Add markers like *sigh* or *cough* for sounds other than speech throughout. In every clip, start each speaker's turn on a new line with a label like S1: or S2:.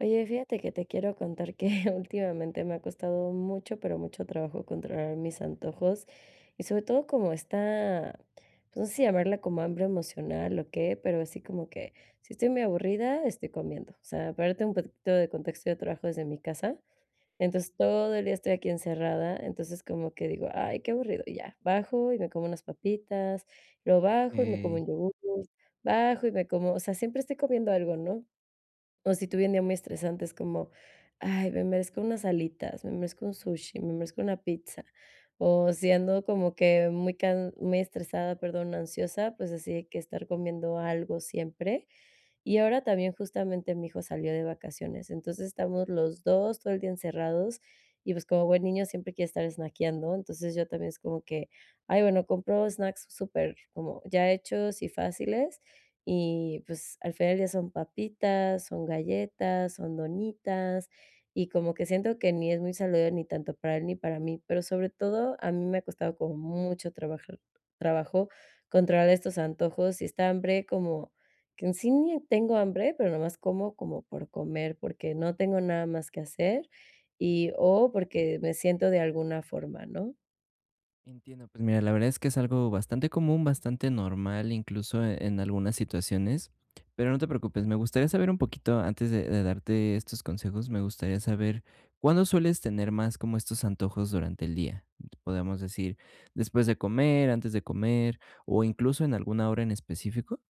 S1: Oye, fíjate que te quiero contar que, *chuckles* últimamente, me ha costado mucho, pero mucho trabajo controlar mis antojos y, sobre todo, como esta, pues, no sé si llamarla como hambre emocional o qué, pero así como que, si estoy muy aburrida, estoy comiendo. O sea, para darte un poquitito de contexto, yo trabajo desde mi casa, entonces, todo el día estoy aquí encerrada, entonces, como que digo: "Ay, qué aburrido", y ya, bajo y me como unas papitas, luego bajo y me como
S2: Okey.
S1: un yogur, bajo y me como o sea, siempre estoy comiendo algo, ¿no? O si tuve un día muy estresante, es como: "Ay, me merezco unas alitas, me merezco un sushi, me merezco una pizza", o si ando como que muy can muy estresada, perdón, ansiosa, pues así de que estar comiendo algo siempre. Y ahora también, justamente, mi hijo salió de vacaciones. Entonces, estamos los 2 todo el día encerrados, y, pues, como buen niño siempre quiere estar snackeando. Entonces, yo también es como que "Ay, bueno", compro snacks super, como ya hechos y fáciles, y, pues, al final ya son papitas, son galletas, son donitas, y como que siento que ni es muy saludable ni tanto para él ni para mí. Pero, sobre todo, a mí me ha costado como mucho trabajar trabajo controlar estos antojos y esta hambre como que, en sí, ni tengo hambre, pero nomás como como por comer, porque no tengo nada más que hacer,
S2: Ajá.
S1: y, o porque me siento de alguna forma, ¿no?
S2: Entiendo, pues mira, la verdad es que es algo bastante común, bastante normal, incluso, eh, en algunas situaciones, pero no te preocupes, me gustaría saber un poquito antes de de darte estos consejos, me gustaría saber, ¿cuándo sueles tener más como estos antojos durante el día?, ¿podemos decir, después de comer, antes de comer o incluso en alguna hora en específico?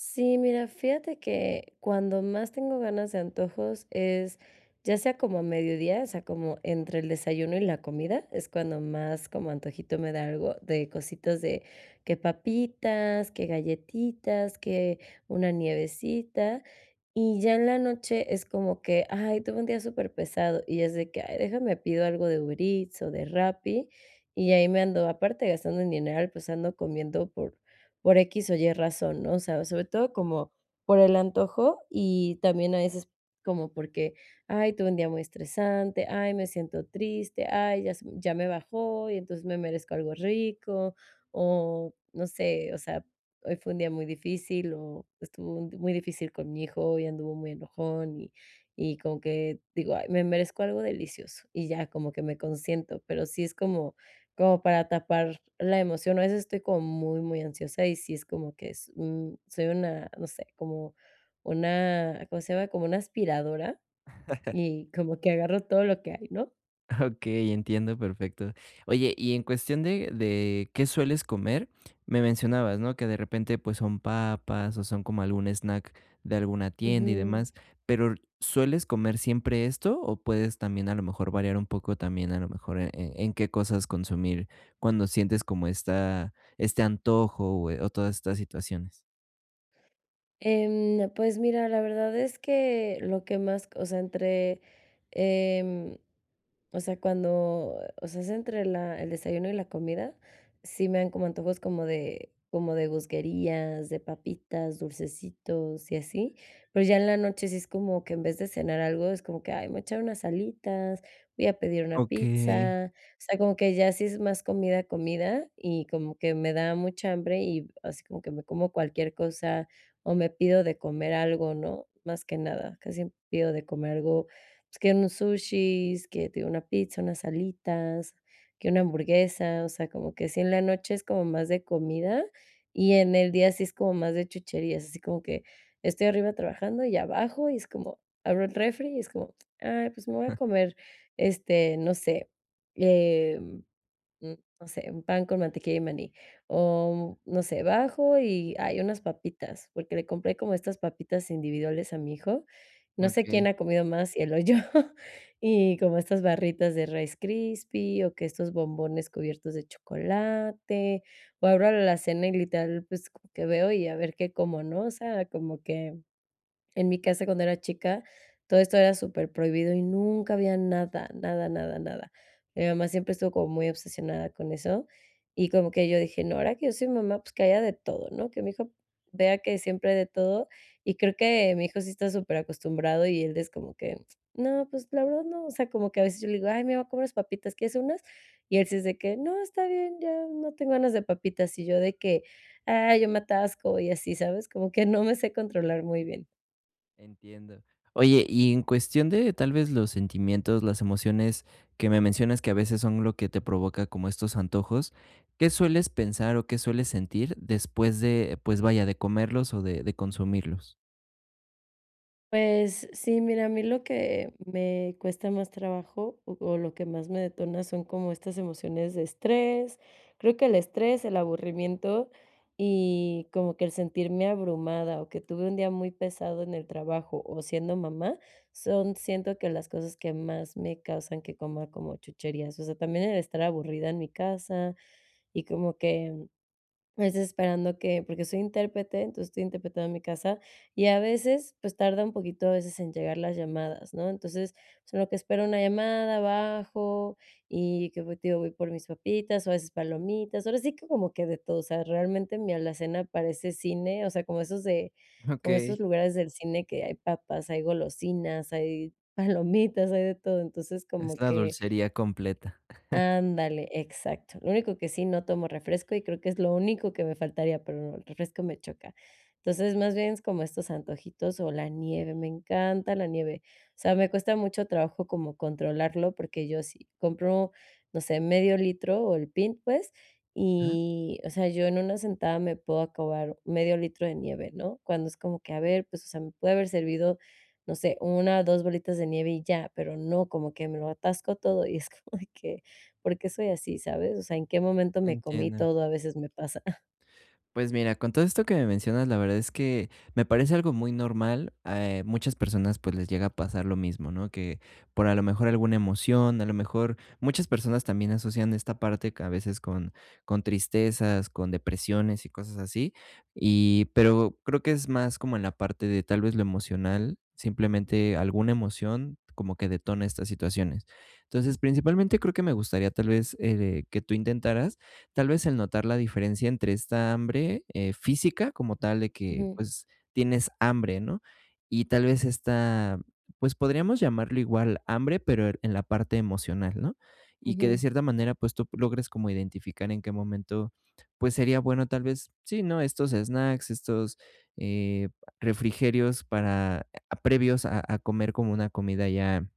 S1: Sí, mira, fíjate que, cuando más tengo ganas de antojos es, ya sea como a mediodía, o sea, como entre el desayuno y la comida, es cuando más como antojito me da algo, de cositas de, que papitas, que galletitas, que una nievecita, y ya en la noche es como que: "Ay, tuve un día superpesado", y es de que: "Ay, déjame pido algo de Uber Eats o de Rappi", y ahí me ando aparte gastando el dineral, pues ando comiendo por por equis o ye razón, ¿no?, o sea, sobre todo como por el antojo y también a veces, como porque: "Ay, tuve un día muy estresante, ay, me siento triste, ay, ya se ya me bajó y entonces me merezco algo rico", o no sé, o sea, "Hoy fue un día muy difícil o estuvo muy difícil con mi hijo, hoy anduvo muy enojón", y y como que, digo: "Ay, me merezco algo delicioso", y ya como que me consiento, pero sí es como como para tapar la emoción, a veces estoy como muy, muy ansiosa y sí es como que es un soy una, no sé, como una, ¿cómo se llama?, como una aspiradora
S2: *laughs*
S1: y como que agarro todo lo que hay, ¿no?
S2: Okey, entiendo perfecto, oye, y en cuestión de de qué sueles comer, me mencionabas, ¿no?, que de repente, pues, son papas, o son como algún snack de alguna tienda y
S1: Ujú.
S2: demás, pero, ¿sueles comer siempre esto o puedes también, a lo mejor, variar un poco también, a lo mejor, eh, en qué cosas consumir cuando sientes como esta este antojo, eh, o todas estas situaciones?
S1: Em, pues mira, la verdad es que lo que más co o sea, entre, em, o sea, cuando, o sea, es entre la el desayuno y la comida, sí me dan como antojos como de, como de gusguerías, de papitas, dulcecitos y así, pero ya en la noche sí es como que en vez de cenar algo es como que: "Ay, me voy a echar unas alitas, voy a pedir una
S2: Okey.
S1: pizza", o sea, como que ya si es más comida, comida y como que me da mucha hambre y así como que me como cualquier cosa, o me pido de comer algo, ¿no?, más que nada, casi pido de comer algo, pues, que unos sushis, que te digo una pizza, unas alitas, que una hamburguesa, o sea, como que si en la noche es como más de comida, y en el día sí es como más de chucherías, así como que estoy arriba trabajando y bajo, y es como abro el refri y es como: "Ay, pues me voy a comer, este, no sé, eh, mm, no sé, un pan con mantequilla de maní", o no sé, bajo y: "Ay unas papitas", porque le compré como estas papitas individuales a mi hijo, no sé quién
S2: Okey.
S1: ha comido más, si él o yo, y como estas barritas de Rice Krispies, o que estos bombones cubiertos de chocolate, o abro la alacena y literal, pues, que veo y a ver qué cómo, ¿no?, o sea, como que en mi casa cuando era chica todo esto era superprohibido y nunca había nada, nada, nada, nada, mi mamá siempre estuvo como muy obsesionada con eso y como que yo dije no, ahora que yo soy mamá, pues, que haya de todo, ¿no?, que mi hijo vea que siempre hay de todo, y creo que mi hijo sí está superacostumbrado y él es como que: "No", pues, la verdad no, o sea, como que a veces yo le digo: "Ay, me voy a comer papitas, ¿quieres unas?", y él sí es de que: "No, está bien, ya no tengo ganas de papitas", y yo de que, ay, yo me atasco y así, ¿sabes?, como que no me sé controlar muy bien.
S2: *unintelligible* Entiendo, oye, y en cuestión de, tal vez, los sentimientos, las emociones que me mencionas que a veces son lo que te provoca como estos antojos, ¿qué sueles pensar o qué sueles sentir después de, pues vaya, de comerlos o de de consumirlos?
S1: Pues sí, mira, a mí lo que me cuesta más trabajo o o lo que más me detona son como estas emociones de estrés. Creo que el estrés, el aburrimiento y como que el sentirme abrumada o que tuve un día muy pesado en el trabajo o siendo mamá son, siento, que las cosas que más me causan que coma como chucherías. O sea, también el estar aburrida en mi casa y como que es esperando que, pues, esperando que porque soy intérprete, entonces estoy interpretado en mi casa, y a veces, pues, tarda un poquito a veces en llegar las llamadas, ¿no? Entonces, pues en lo que espero una llamada, bajo y qué, pues, te digo, voy por mis papitas o a veces palomitas, ahora sí que como que de todo, o sea, realmente mi alacena parece cine, o sea, como esos de
S2: *chuckles*
S1: como
S2: Okey.
S1: esos lugares del cine que hay papas, hay golosinas, hay palomitas, hay de todo. Entonces,
S2: Es
S1: como
S2: la
S1: que
S2: dulcería completa. *chuckles*
S1: Ándale, exacto. Lo único que sí, no tomo refresco y creo que es lo único que me faltaría, pero el refresco me choca. Entonces, más bien es como estos antojitos o la nieve, me encanta la nieve. O sea, me cuesta mucho trabajo como controlarlo, porque yo sí compro, no sé, medio litro o el pin pues,
S2: Ujú.
S1: y, o sea, yo en una sentada me puedo acabar medio litro de nieve, ¿no?, cuando es como que, a ver, pues, o sea, me puede haber servido, no sé, 1 o 2 bolitas de nieve y ya, pero no, como que me lo atasco todo y es como de que: "¿Por qué soy así?", ¿sabes? "O sea, ¿en qué momento me comí
S2: Entiendo.
S1: todo?", a veces me pasa.
S2: Pues, mira, con todo esto que me mencionas, la verdad es que me parece algo muy normal, eh, muchas personas, pues, les llega a pasar lo mismo, ¿no?, que por, a lo mejor, alguna emoción, a lo mejor muchas personas también asocian esta parte que a veces con con tristezas, con depresiones y cosas así y, pero creo que es más como en la parte de tal vez, lo emocional, simplemente alguna emoción como que detona estas situaciones. Entonces, principalmente creo que me gustaría, tal vez, eh, que tú intentaras, tal vez, el notar la diferencia entre esta hambre, eh, física, como tal, de que,
S1: Ujú.
S2: pues, tienes hambre, ¿no? Y tal vez, esta, pues, podríamos llamarlo igual hambre pero er en la parte emocional, ¿no? Y que de
S1: Ujú.
S2: cierta manera, pues, tú logres como identificar en qué momento, pues, sería bueno tal vez, sí, ¿no?, estos snacks, estos, eh, refrigerios para ah, previos a a comer como una comida ya,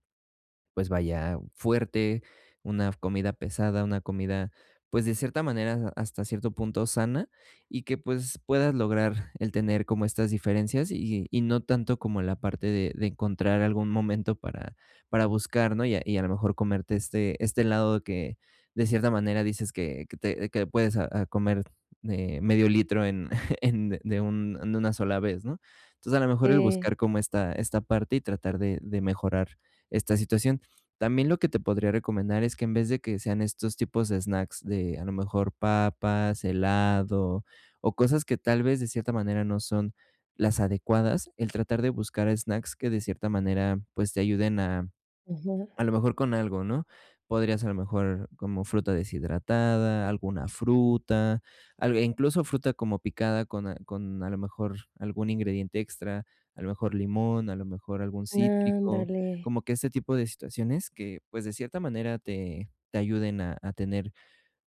S2: pues vaya, fuerte, una comida pesada, una comida, pues, de cierta manera, hasta cierto punto sana, y que, pues, puedas lograr el tener como estas diferencias y y y no tanto como la parte de de encontrar algún momento para para buscar, ¿no? Y a y a lo mejor, comerte este este helado que de cierta manera, dices que que te que puedes, ah ah, comer, eh, medio litro, en *chuckles* en de un en una sola vez, ¿no? Entonces, a lo mejor, el
S1: Eh.
S2: buscar como esta esta parte y tratar de de mejorar esta situación. También, lo que te podría recomendar es que en vez de que sean estos tipos de snacks de a lo mejor, papas, helado, o cosas que tal vez, de cierta manera, no son las adecuadas, el tratar de buscar snacks que de cierta manera, pues, te ayuden a
S1: Ajá.
S2: a lo mejor con algo, ¿no? Podrías, a lo mejor, como fruta deshidratada, alguna fruta, al e incluso fruta como picada con a con a lo mejor, algún ingrediente extra, a lo mejor limón, a lo mejor algún cítrico,
S1: Ándale.
S2: como que ese tipo de situaciones que, pues, de cierta manera, te te ayuden a a tener,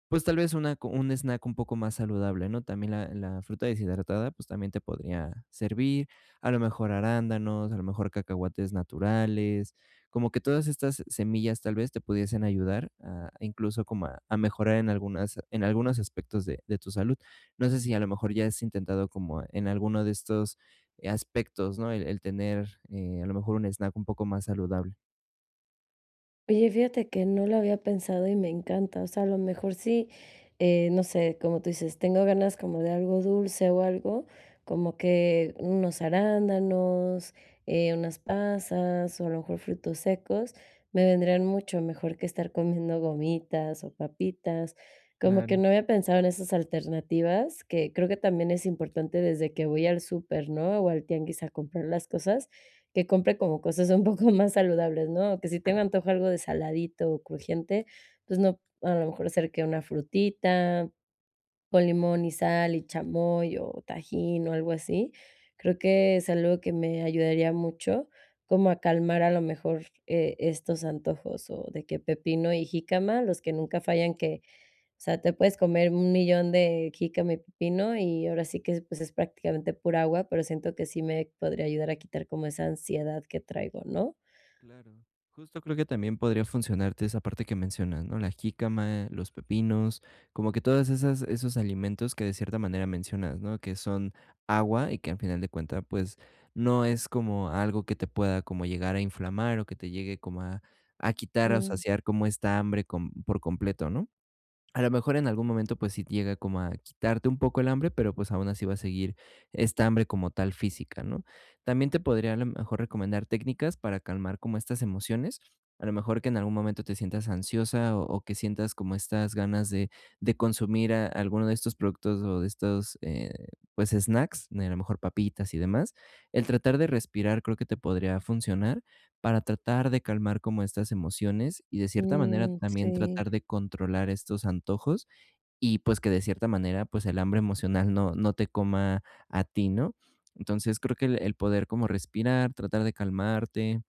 S2: pues, tal vez una co un snack un poco más saludable, ¿no? También, la la fruta deshidratada, pues, también te podría servir, a lo mejor arándanos, a lo mejor cacahuates naturales. Como que todas estas semillas, tal vez, te pudiesen ayudar a incluso, como a a mejorar en algunas en algunos aspectos de de tu salud. No sé si a lo mejor ya has intentado como e en alguno de estos, eh, aspectos, ¿no?, el el tener, eh, a lo mejor, un snack un poco más saludable.
S1: Oye, fíjate que no lo había pensado y me encanta, o sea, a lo mejor sí, eh, no sé, como tú dices, tengo ganas como de algo dulce o algo, como que unos arándanos, eh, unas pasas o a lo mejor frutos secos, me vendrían mucho mejor que estar comiendo gomitas o papitas. Como que
S2: Claro.
S1: no había pensado en esas alternativas, que creo que también es importante desde que voy al súper, ¿no?, o al tianguis a comprar las cosas, que compre como cosas un poco más saludables, ¿no?, o que si tengo
S2: *chuckles*
S1: antojo algo de saladito o crujiente, pues no, a lo mejor ser que una frutita con limón y sal y chamoy o tajín o algo así, creo que es algo que me ayudaría mucho como a calmar a lo mejor, eh, estos antojos, o de que pepino y jícama, los que nunca fallan que, o sea, te puedes comer un millón de jícama y pepino, y ahora sí que, pues, es prácticamente pura agua, pero siento que sí me podría ayudar a quitar como esa ansiedad que traigo, ¿no?
S2: Claro, justo creo que también podría funcionarte esa parte que mencionas, ¿no?, la jícama, los pepinos, como que todas esas esos alimentos que de cierta manera mencionas, ¿no?, que son agua y que, al final de cuenta, pues, no es como algo que te pueda como llegar a inflamar o que te llegue como a a quitar o a
S1: Mm.
S2: saciar como esta hambre con por completo, ¿no? A lo mejor en algún momento, pues, sí llega como a quitarte un poco el hambre, pero, pues, aun así va a seguir esta hambre como tal física, ¿no? También te podría a lo mejor recomendar técnicas para calmar como estas emociones, a lo mejor que en algún momento te sientas ansiosa o o que sientas como estas ganas de de consumir a alguno de estos productos o de estos, eh, pues, snacks, a lo mejor papitas y demás. El tratar de respirar creo que te podría funcionar, para tratar de calmar como estas emociones y de cierta manera
S1: Mm,
S2: también
S1: sí.
S2: tratar de controlar estos antojos, y pues, que de cierta manera, pues, el hambre emocional no no te coma a ti, ¿no?, entonces, creo que el el poder como respirar, tratar de calmarte,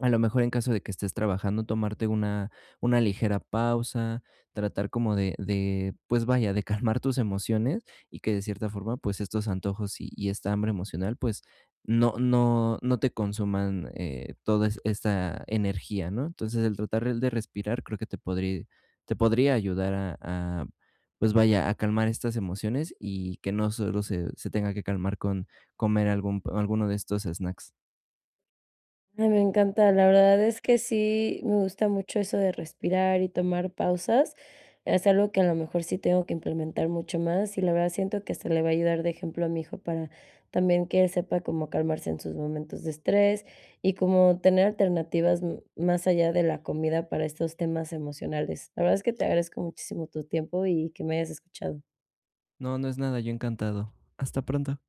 S2: a lo mejor en caso de que estés trabajando, tomarte una una ligera pausa, tratar como de de pues vaya, de calmar tus emociones y que de cierta forma, pues estos antojos y y esta hambre emocional, pues no no no te consuman, eh, todas esta energía, ¿no?, entonces, el tratar de respirar creo que te podri te podría ayudar a a, pues vaya, a calmar estas emociones y que no solo se se tenga que calmar con comer algún alguno de estos snacks.
S1: Me me encanta, la verdad es que sí me gusta mucho eso de respirar y tomar pausas, es algo que a lo mejor sí tengo que implementar mucho más, y la verdad siento que hasta le va a ayudar de ejemplo a mi hijo para también, que él sepa como calmarse en sus momentos de estrés, y cómo tener alternativas, mm, más allá de la comida para estos temas emocionales. La verdad es que te agradezco muchísimo tu tiempo y que me hayas escuchado.
S2: No, no es nada, yo encantado. Hasta pronto.